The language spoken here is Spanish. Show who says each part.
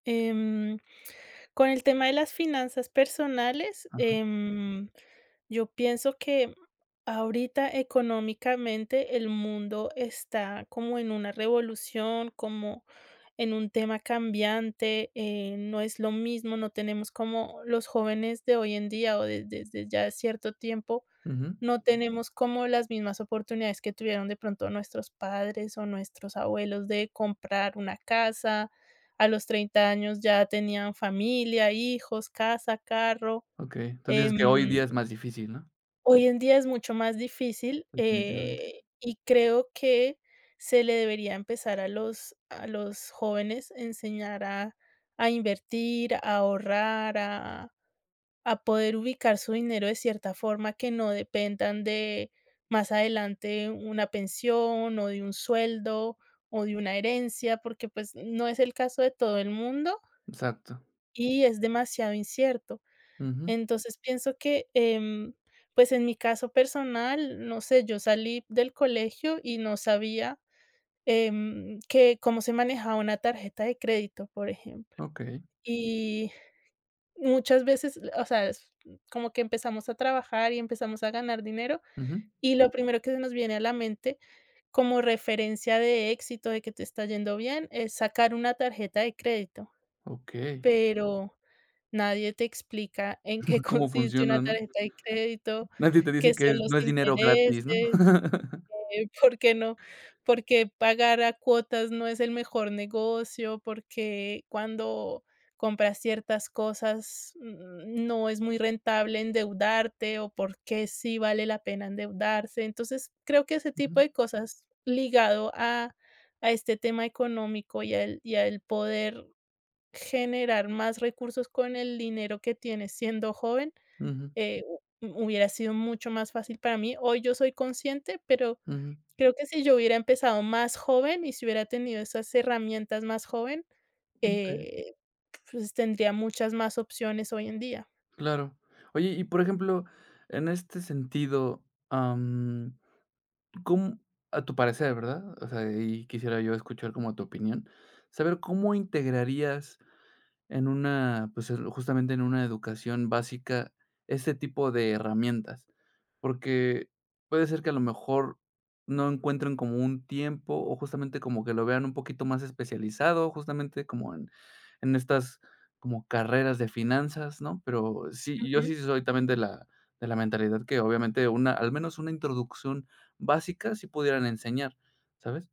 Speaker 1: Em, con el tema de las finanzas personales,
Speaker 2: Ajá.
Speaker 1: em, yo pienso que ahorita económicamente el mundo está como en una revolución, como en un tema cambiante, eh, no es lo mismo, no tenemos como los jóvenes de hoy en día, o de de desde ya cierto tiempo,
Speaker 2: Ujú.
Speaker 1: no tenemos como las mismas oportunidades que tuvieron de pronto nuestros padres, o nuestros abuelos de comprar una casa, a los 30 años ya tenían familia, hijos, casa, carro,
Speaker 2: Okey, entonces, dices
Speaker 1: em,
Speaker 2: que hoy día es más difícil, ¿no?
Speaker 1: Hoy en día es mucho más difícil,
Speaker 2: Definitivamente.
Speaker 1: eh, y creo que se le debería empezar a los a los jóvenes enseñar a a invertir, a ahorrar, a a poder ubicar su dinero de cierta forma que no dependan de más adelante una pensión, o de un sueldo, o de una herencia, porque pues no es el caso de todo el mundo.
Speaker 2: Exacto.
Speaker 1: Y es demasiado incierto.
Speaker 2: Ujú.
Speaker 1: Entonces, pienso que, em, pues, en mi caso personal, no sé, yo salí del colegio y no sabía, em, que cómo se manejaba una tarjeta de crédito, por ejemplo.
Speaker 2: Okey.
Speaker 1: Y, muchas veces, o sea, es como que empezamos a trabajar y empezamos a ganar dinero,
Speaker 2: Ujú.
Speaker 1: y lo primero que se nos viene a la mente, como referencia de éxito, de que te está yendo bien, es sacar una tarjeta de crédito,
Speaker 2: Okey.
Speaker 1: pero, nadie te explica en qué
Speaker 2: Cómo
Speaker 1: consiste una
Speaker 2: funciona, ¿no?
Speaker 1: tarjeta de crédito,
Speaker 2: Nadie te dice
Speaker 1: qué
Speaker 2: que
Speaker 1: son
Speaker 2: es
Speaker 1: los
Speaker 2: no es dinero
Speaker 1: intereses,
Speaker 2: gratis, ¿no?
Speaker 1: eh, por qué no por qué pagar a cuotas no es el mejor negocio, por qué cuando compras ciertas cosas, mm, no es muy rentable endeudarte, o por qué sí vale la pena endeudarse. Entonces, creo que ese tipo
Speaker 2: Ujú.
Speaker 1: de cosas ligado a a este tema económico y al y al poder generar más recursos con el dinero que tienes, siendo joven,
Speaker 2: Ujú.
Speaker 1: eh, hu hubiera sido mucho más fácil para mí. Hoy yo soy consciente, pero
Speaker 2: Ujú.
Speaker 1: creo que si yo hubiera empezado más joven y si hubiera tenido esas herramientas más joven,
Speaker 2: Okey.
Speaker 1: eh, pues, tendría muchas más opciones hoy en día.
Speaker 2: Claro. Oye, y por ejemplo, en este sentido, am, ¿cóm a tu parecer, verdad? O sea, y quisiera yo escuchar como tu opinión, saber cómo integrarías en una, pues el justamente en una educación básica ese tipo de herramientas, porque puede ser que a lo mejor no encuentren como un tiempo, o justamente como que lo vean un poquito más especializado, justamente como en, en estas, como carreras de finanzas, ¿no? Pero sí yo
Speaker 1: Ujú.
Speaker 2: sí soy también de la de la mentalidad que obviamente una al menos una introducción básica sí pudieran enseñar, ¿sabes?